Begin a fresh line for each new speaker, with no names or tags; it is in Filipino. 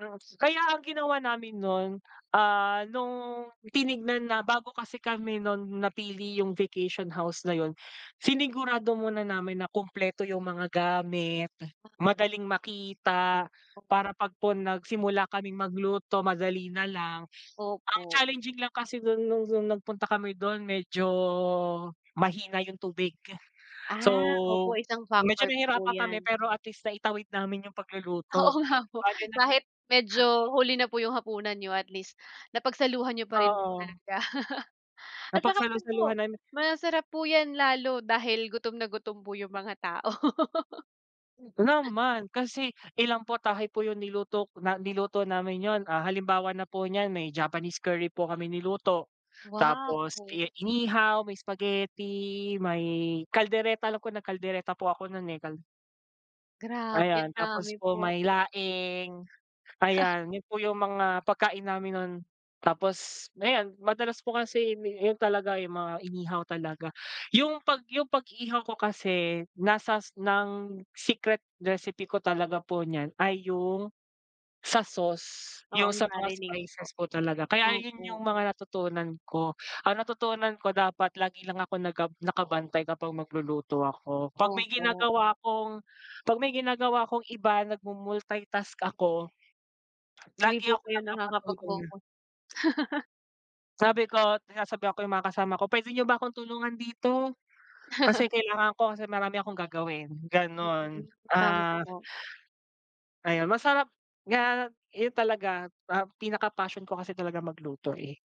Yes, kaya ang ginawa namin no'n, ah, no'ng tinignan na bago kasi kami no'n, napili yung vacation house na 'yon, sinigurado muna namin na kumpleto yung mga gamit, madaling makita, para pagpun nagsimula kaming magluto, madali na lang. Ang
Opo.
challenging lang kasi do'n no'ng nagpunta kami do'n, medyo, mahina yung tubig, So,
Ah, opo, isang factor
medyo
po
nahirapan kami
yan.
pero, at least, naitaiwid namin yung
Oo
pagluluto,
nga po,
bale nag
kahit medyo, huli na po yung hapunan niyo, at least, napagsaluhan niyo pa po rin
Oo.
talaga. At saka din
Napagsalu-saluhan
po,
namin
masarap po yan lalo, dahil gutom na gutom po yung mga tao.
Naman, kasi ilang putahe po yung nilutok na niluto namin 'yon, ah. Halimbawa na po niyan, may Japanese curry po kami niluto, tapos,
Wow!
iya inihaw, may spaghetti, may kaldereta, alam ko nag-kaldereta po ako no'n eh, kal
Grabe,
Ayan, tapos
dami
po,
po.
may laing, ayan 'yon po yung mga pagkain namin no'n. Tapos, ayan madalas po kasi, 'yon talaga, yung mga inihaw talaga. Yung pag yung pag-ihaw ko kasi, nasas ng secret recipe ko talaga po niyan, ay yung, sa sauce,
Oo,
yung
yung
sa mga
marinade po,
spices po talaga. Kaya ayun yung
opo.
mga natutunan ko. Ang natutunan ko dapat lagi lang ako nagab nakabantay kapag magluluto ako, 'pag may
Opo.
ginagawa akong, 'pag may ginagawa akong iba, nag-mu-multitask ako,
Hindi
lagi
po
ako
kayo
nagpapatulong.
nakakapag-focus.
Sabi ko, sinasabihan ko yung mga kasama ko, "Pwede niyo ba akong tulungan dito, kasi kailangan ko kasi marami akong gagawin."
Mm.
Gano'n
Tama
ah
po.
Ayun, masarap nga eh, talaga. Ah, pinaka-passion ko kasi talaga magluto eh.